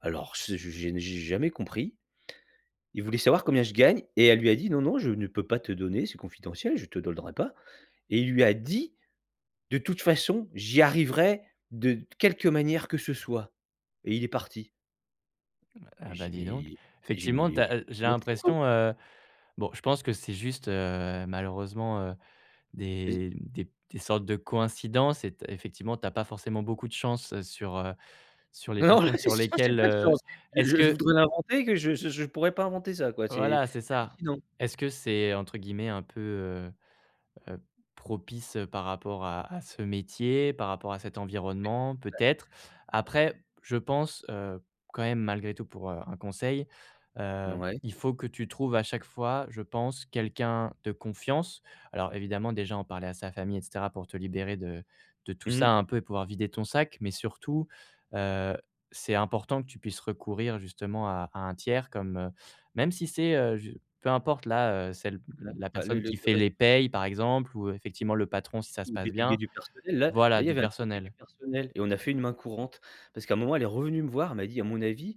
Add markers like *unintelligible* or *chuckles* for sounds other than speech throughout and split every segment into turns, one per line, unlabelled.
Alors c'est je j'ai ne j'ai jamais compris. Il voulait savoir combien je gagne et elle lui a dit: «Non, non, je ne peux pas te donner, c'est confidentiel, je te donnerai pas» et il lui a dit: «De toute façon, j'y arriverai de quelque manière que ce soit» et il est parti.
Ah bah,
J'ai dit:
dis donc,
«Mais» j'ai dit: «Mais il
effectivement tu
est
as heu, j'ai
complètement fou quoi».
l'impression heu, bon je pense que c'est juste, heu, malheureusement, heu,
Et z
des des des sortes de coïncidences. Et t effectivement, tu as pas forcément beaucoup de chance sur, heu, sur les
Non, non,
personnes sur
*chuckles* j'ai
lesquelles
pas de
heu,
chance.
est-ce
Je je
que
voudrais l'inventer que je je je pourrais pas inventer ça quoi, c'est
voilà c'est ça.
hallucinant.
Est-ce que c'est entre guillemets un peu, heu-heu, «propice,» heu, par rapport à à ce métier, par rapport à cet environnement peut-être?
*unintelligible*
Après, je pense, heu, quand même malgré tout pour, heu, un conseil, heu,
Ouais.
il faut que tu trouves à chaque fois, je pense quelqu'un de confiance. Alors évidemment déjà en parler à sa famille et cetera, pour te libérer de de tout ça,
Mmh.
hein, un peu et pouvoir vider ton sac. Mais surtout, heu, c'est important que tu puisses recourir justement à à un tiers comme, heu, même si c'est heu, je peu importe là, heu, celle
Mmh,
la
bah, le
personne
le
qui fait
res
les paies par exemple ou effectivement le patron si ça se
Le
passe
délégué
bien,
du personnel. Là, là
voilà
il y
du
avait un délégué du
personnel.
personnel et on a fait une main courante parce qu'à un moment, elle est revenue me voir, elle m'a dit: «À mon avis,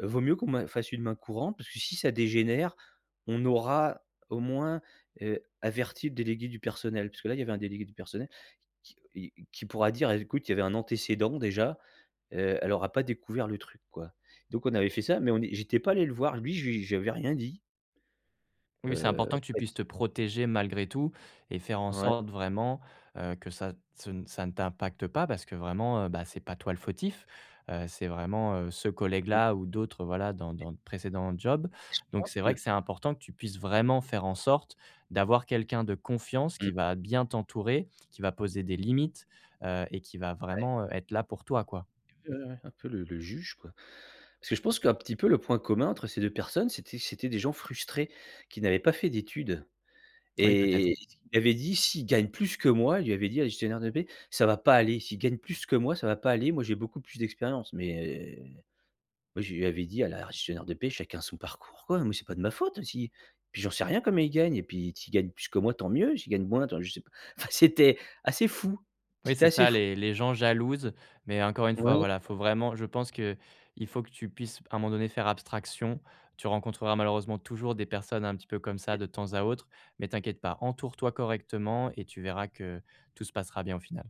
heu, vaut mieux qu'on ma fasse une main courante parce que si ça dégénère, on aura au moins, heu, averti le délégué du personnel» puisque là, il y avait un délégué du personnel qui qui et qui pourra dire: «Bah écoute, il y avait un antécédent déjà, heu, elle aura pas découvert le truc quoi». Donc on avait fait ça, mais on j'étais pas allé le voir. Lui, j je lui avais rien dit.
Oui, c'est important
Heu,
que tu puisses
*unintelligible*
te protéger malgré tout et faire en
Ouais.
sorte vraiment, heu, que ça ce n ça ne t'impactes pas parce que vraiment, bah, c'est pas toi le fautif, heu, c'est vraiment ce
Mmh.
collègue-là ou d'autres voilà dans
Et
dans de précédent job.
Et je
Donc
pense
c'est vrai
que
que c'est important que tu puisses vraiment faire en sorte d'avoir quelqu'un de confiance
Mmh.
qui va bien t'entourer, qui va poser des limites, heu et qui va
Ouais.
vraiment être là pour toi, quoi.
*unintelligible* Un peu le le juge, quoi. Parce que je pense qu'un petit peu le point commun entre ces 2 personnes, c'était c'était des gens frustrés qui n'avaient pas fait d'études
Oui, peut-être.
et qui m'avaient dit s'ils gagnent plus que moi, je lui avais dit à la gestionnaire de paie: «Ça va pas aller. S'ils gagnent plus que moi, ça va pas aller. Moi j'ai beaucoup plus d'expérience» mais moi je lui avais dit à la gestionnaire de paie: «Chacun son parcours quoi. Moi c'est pas de ma faute si puis j'en sais rien comment il gagne et puis s'ils gagnent plus que moi, tant mieux. S'ils gagnent moins attend je sais pas» enfin c'était assez fou,
Oui,
c'était
c'est
assez
ça
f
les les gens jalousent. Mais, encore une fois,
Ouais.
voilà, il faut vraiment, je pense qu'il faut que tu puisses p à un moment donné faire abstraction. Tu rencontreras malheureusement toujours des personnes un petit peu comme ça de temps à autre. Mais t'inquiète pas, entoure-toi correctement et tu verras que tout se passera bien au final.